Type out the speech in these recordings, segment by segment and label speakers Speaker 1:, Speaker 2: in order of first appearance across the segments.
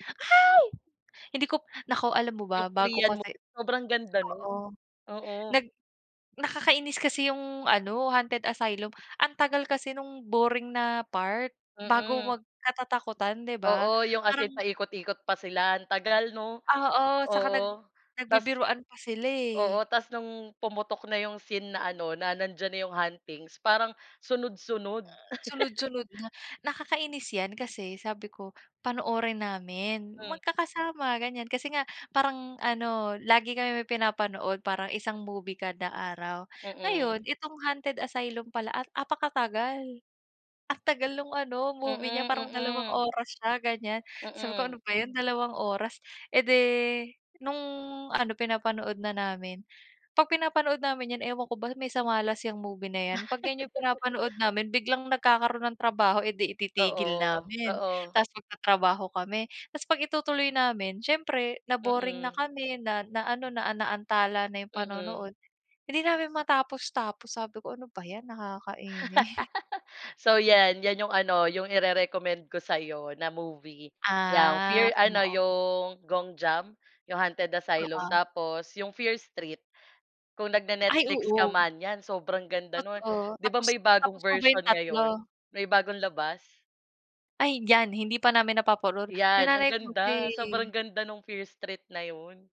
Speaker 1: Ay! hindi ko naku, alam mo
Speaker 2: Yung
Speaker 1: ba, bago
Speaker 2: Korean
Speaker 1: kasi
Speaker 2: movie, sobrang ganda nun,
Speaker 1: oo,
Speaker 2: oo.
Speaker 1: nag nakakainis kasi yung ano, Hunted Asylum ang tagal kasi nung boring na part bago
Speaker 2: Mm.
Speaker 1: magkatatakutan, di ba,
Speaker 2: Oo, yung as in
Speaker 1: parang
Speaker 2: paikot-ikot pa sila. Ang tagal, 'no?
Speaker 1: Oo, tsaka nag
Speaker 2: Oo, tas
Speaker 1: nagbibiruan pa sila
Speaker 2: oo.
Speaker 1: eh.
Speaker 2: Tas nung pumutok na yung scene na ano na nandiyan na yung huntings parang sunod-sunod.
Speaker 1: Sunod-sunod nga. Nakakainis yan kasi sabi ko panoorin namin
Speaker 2: Hmm.
Speaker 1: magkakasama, ganiyan, kasi nga parang ano, lagi kami may pinapanood parang isang movie kada araw,
Speaker 2: Mm.
Speaker 1: ngayon itong Hunted Asylum pala at apakatagal, ang tagal ng ano, movie niya
Speaker 2: Mm,
Speaker 1: parang dalawang
Speaker 2: mm.
Speaker 1: oras siya, ganiyan. Sabi ko,
Speaker 2: Mm.
Speaker 1: "Ano ba yan, dalawang oras." Eh di nung ano, pinapanood na namin, 'pag pinapanood namin yan, ewan ko ba may sa malas yang movie na yan, 'pag yan yung pinapanood namin biglang nagkakaroon ng trabaho, eh di ititigil
Speaker 2: Oo,
Speaker 1: namin
Speaker 2: oo.
Speaker 1: tapos magtatrabaho kami. Tas 'pag itutuloy namin siyempre na-boring na
Speaker 2: Mm.
Speaker 1: kami, na naano, na naantala na yung panonood,
Speaker 2: Mm.
Speaker 1: hindi namin matapos-tapos. Sabi ko, "Ano ba yan, nakakaini"
Speaker 2: So, yan. Yan yung ano, yung ire-recommend ko sa'yo na movie, yang
Speaker 1: Ah,
Speaker 2: Fear, ano,
Speaker 1: oo.
Speaker 2: yung Gonjiam, yung Haunted Asylum.
Speaker 1: Oo.
Speaker 2: Tapos yung Fear Street. Kung
Speaker 1: Ay,
Speaker 2: nagne-Netflix ka
Speaker 1: oo.
Speaker 2: man, yan, sobrang ganda no'n.
Speaker 1: Totoo,
Speaker 2: Di ba
Speaker 1: tapos
Speaker 2: may bagong
Speaker 1: tapos mo ba yung
Speaker 2: version ngayon,
Speaker 1: 3?
Speaker 2: may bagong labas?
Speaker 1: Ay, diyan, hindi pa namin napapanood, yung
Speaker 2: Yan, ang
Speaker 1: nanay ko kasi
Speaker 2: ganda. Sobrang ganda nung Fear Street na yun.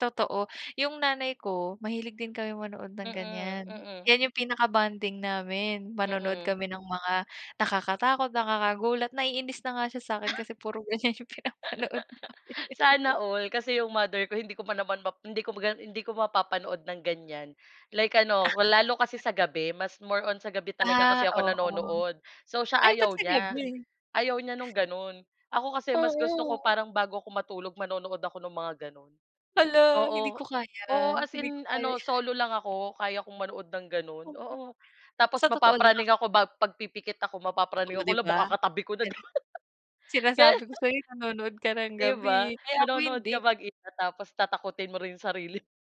Speaker 1: Totoo, yung nanay ko mahilig din kami manood ng
Speaker 2: Mm,
Speaker 1: ganiyan.
Speaker 2: mm.
Speaker 1: Yan yung pinaka-bonding namin. Manonood
Speaker 2: Mm.
Speaker 1: kami ng mga nakakatakot, nakakagulat, naiinis na nga siya sa'kin kasi puro ganiyan yung pinapanood namin.
Speaker 2: Sana all kasi yung mother ko hindi ko pa naman map hindi ko pa yun hindi ko mapapanood ng ganiyan, like ano, lalo kasi sa gabi, mas more on sa gabi talaga kasi
Speaker 1: Ah,
Speaker 2: ako
Speaker 1: oo.
Speaker 2: nanonood. So, siya,
Speaker 1: Ay, ba't
Speaker 2: ayaw
Speaker 1: sa
Speaker 2: niya
Speaker 1: gabi?
Speaker 2: ayaw niya no'ng gano'n, ako kasi mas gusto ko,
Speaker 1: Oo.
Speaker 2: parang bago ako matulog manonood ako ng mga gano'n.
Speaker 1: Hala, hindi ko
Speaker 2: Oo, oo,
Speaker 1: kaya,
Speaker 2: as
Speaker 1: hindi ko
Speaker 2: in
Speaker 1: kaya yan.
Speaker 2: solo lang ako, kaya kong manood ng gano'n,
Speaker 1: Amoy.
Speaker 2: oo.
Speaker 1: Sa
Speaker 2: Tapos
Speaker 1: totoo lang ak
Speaker 2: mapapraning ako, bag 'pag pipikit ako, mapapraning
Speaker 1: Oo,
Speaker 2: ako,
Speaker 1: di
Speaker 2: 'la,
Speaker 1: ba?
Speaker 2: baka katabi ko na.
Speaker 1: [unintelligible] Sinasabi
Speaker 2: Ganun.
Speaker 1: ko sa'yo nanonood ka ng
Speaker 2: Di ba?
Speaker 1: gabi. Kaya ako
Speaker 2: Manonood
Speaker 1: hindi.
Speaker 2: ka mag-isa, tapos tatakutin mo rin yung sarili mo.